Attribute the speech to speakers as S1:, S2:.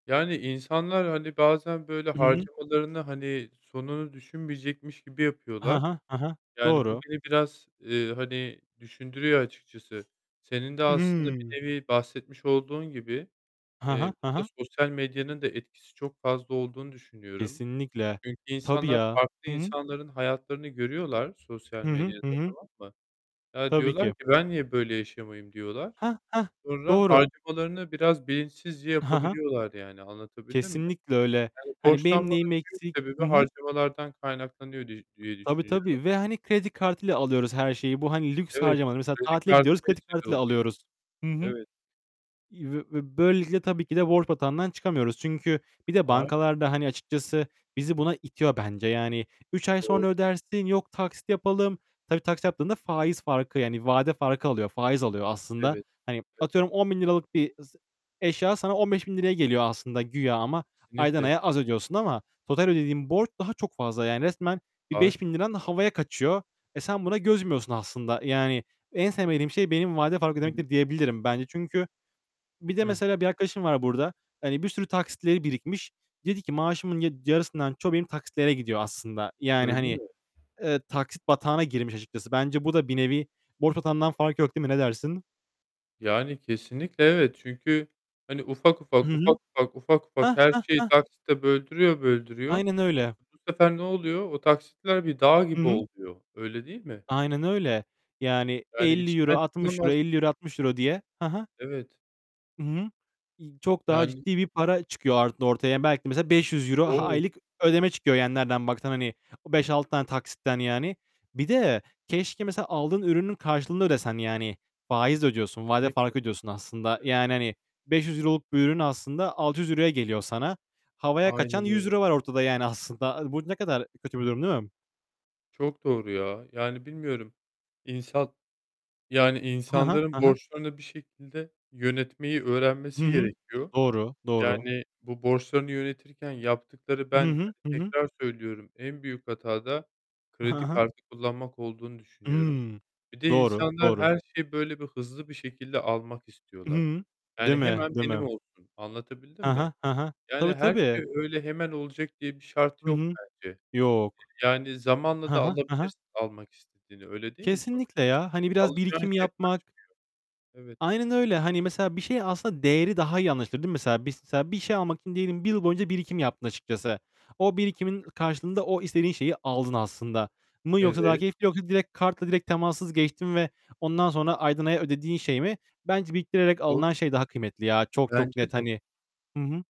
S1: Yani, insanlar hani bazen böyle
S2: Hı hı.
S1: harcamalarını hani sonunu düşünmeyecekmiş gibi
S2: Ha
S1: yapıyorlar.
S2: ha, ha ha.
S1: Yani, bu
S2: Doğru.
S1: beni biraz, eee, hani düşündürüyor açıkçası. Senin de aslında bir
S2: Hı.
S1: nevi bahsetmiş olduğun gibi,
S2: Hı hı.
S1: eee,
S2: Hı hı.
S1: burada sosyal medyanın da etkisi çok fazla olduğunu düşünüyorum.
S2: Kesinlikle.
S1: Çünkü
S2: Tabii
S1: insanlar
S2: ya.
S1: farklı
S2: Hı hı.
S1: insanların hayatlarını görüyorlar, sosyal
S2: Hı hı.
S1: medyada
S2: Hı hı.
S1: tamam mı? Ya
S2: Tabii
S1: diyorlar
S2: ki.
S1: ki "Ben niye böyle yaşamayayım?" diyorlar.
S2: Heh, heh.
S1: Sonra
S2: Doğru.
S1: harcamalarını biraz bilinçsizce
S2: Hı hı.
S1: yapabiliyorlar yani anlatabildim mi?
S2: Kesinlikle öyle.
S1: Yani
S2: Hani benim
S1: borçlanmanın
S2: neyim
S1: büyük
S2: eksik?
S1: sebebi
S2: Hı hı.
S1: harcamalardan kaynaklanıyor diye diye
S2: Tabii,
S1: düşünüyorum.
S2: tabii ve hani kredi kartıyla alıyoruz her şeyi. Bu hani lüks
S1: Evet,
S2: harcamaları. Mesela
S1: kredi
S2: tatile
S1: kartı
S2: gidiyoruz, kredi
S1: vesile
S2: kartıyla
S1: oluyor.
S2: alıyoruz. Hı hı.
S1: Evet.
S2: Ve böylelikle tabii ki de borç batağından çıkamıyoruz. Çünkü bir de
S1: Aynen.
S2: bankalar da hani açıkçası bizi buna itiyor bence. Yani, 3 ay
S1: Doğru.
S2: sonra ödersin. Yok taksit yapalım. Tabii taksit yaptığında faiz farkı yani vade farkı alıyor. Faiz alıyor aslında.
S1: Evet,
S2: Hani
S1: evet.
S2: atıyorum ₺10.000 'lık bir eşya sana ₺15.000'ya geliyor aslında güya ama aydan
S1: Kesinlikle
S2: aya az ödüyorsun ama total ödediğin borç daha çok fazla. Yani resmen bir beş
S1: Ağaç
S2: bin
S1: yok.
S2: liran havaya kaçıyor. Eee, sen buna göz yumuyorsun aslında. Yani en sevmediğim şey benim vade fark
S1: Evet.
S2: ödemektir diyebilirim, bence çünkü bir de
S1: Hıh.
S2: mesela bir arkadaşım var burada. Hani bir sürü taksitleri birikmiş. Dedi ki "Maaşımın yad yarısından çoğu benim taksitlere gidiyor aslında." Yani,
S1: Öyle
S2: hani,
S1: mi?
S2: eee, taksit batağına girmiş açıkçası. Bence bu da bir nevi borç batağından farkı yok değil mi? Ne dersin?
S1: Yani kesinlikle evet çünkü hani ufak
S2: Hı
S1: ufak,
S2: hı.
S1: ufak ufak, ufak ufak
S2: Heh,
S1: her
S2: heh,
S1: şeyi
S2: heh.
S1: taksite böldürüyor böldürüyor,
S2: Aynen öyle.
S1: bu sefer ne oluyor? O taksitler bir dağ
S2: Hı
S1: gibi
S2: hı.
S1: oluyor, öyle değil mi?
S2: Aynen öyle. Yani
S1: Yani
S2: €50,
S1: içinden
S2: 60 ve
S1: çıkılamaz
S2: €50 €60 diye. Hı hı.
S1: Evet.
S2: Hı hı. İii, çok daha
S1: Yani
S2: ciddi bir para çıkıyor or ortaya. Belki de mesela €500
S1: O!
S2: aylık ödeme çıkıyor, yani nereden baksan hani. O 5-6 tane taksitten yani. Bir de, keşke mesela aldığın ürünün karşılığını ödesen yani. Faiz ödüyorsun. Vade
S1: Kesinlikle,
S2: farkı ödüyorsun aslında.
S1: evet.
S2: Yani hani €500 olup bu ürün aslında €600'ya geliyor sana. Havaya kaçan
S1: Aynen
S2: yüz
S1: öyle.
S2: euro var ortada yani aslında. Bu ne kadar kötü bir durum değil mi?
S1: Çok doğru ya, yani bilmiyorum, insan, yani
S2: Hı hı. Hı
S1: insanların
S2: hı.
S1: borçlarını bir şekilde yönetmeyi
S2: Hı
S1: öğrenmesi
S2: hı.
S1: gerekiyor.
S2: Doğru. Doğru.
S1: Yani, bu borçlarını yönetirken yaptıkları
S2: Hı
S1: ben,
S2: hı.
S1: hani
S2: Hı hı.
S1: tekrar söylüyorum, en büyük hata da
S2: Ha
S1: kredi
S2: ha.
S1: kartı kullanmak olduğunu düşünüyorum.
S2: Hı.
S1: Bir de
S2: Doğru,
S1: insanlar
S2: doğru.
S1: her şeyi böyle bir hızlı bir şekilde almak istiyorlar.
S2: Hıı. Değil
S1: Yani
S2: mi?
S1: hemen
S2: Değil mi?
S1: benim olsun, anlatabildim
S2: He
S1: mi?
S2: he, he he.
S1: Yani
S2: Tabii,
S1: her
S2: tabii.
S1: şey öyle hemen olacak diye bir şart
S2: Hı
S1: yok
S2: hı.
S1: bence. Eee,
S2: Yok.
S1: yani zamanla
S2: Hı
S1: da
S2: hı. Hı hı.
S1: alabilirsin almak istediğini, öyle değil mi? Sonuçta
S2: Kesinlikle
S1: senin
S2: ya. Hani biraz
S1: alacağın
S2: birikim
S1: şey
S2: yapmak
S1: kaçmıyor. Evet.
S2: Aynen öyle. Hani mesela bir şeyi aslında değeri daha iyi anlaşılır değil mi? Mesela, bir şey almak için diyelim bir yıl boyunca birikim yaptın açıkçası. O birikimin karşılığında o istediğin şeyi aldın aslında. Mı yoksa daha
S1: Evet.
S2: keyifli yoksa direkt kartla direkt temassız geçtin ve ondan sonra aydan aya ödediğin şey mi? Bence biriktirerek alınan
S1: Doğru.
S2: şey daha kıymetli ya. Çok, çok
S1: Bence
S2: net
S1: de.
S2: hani. Hı hı.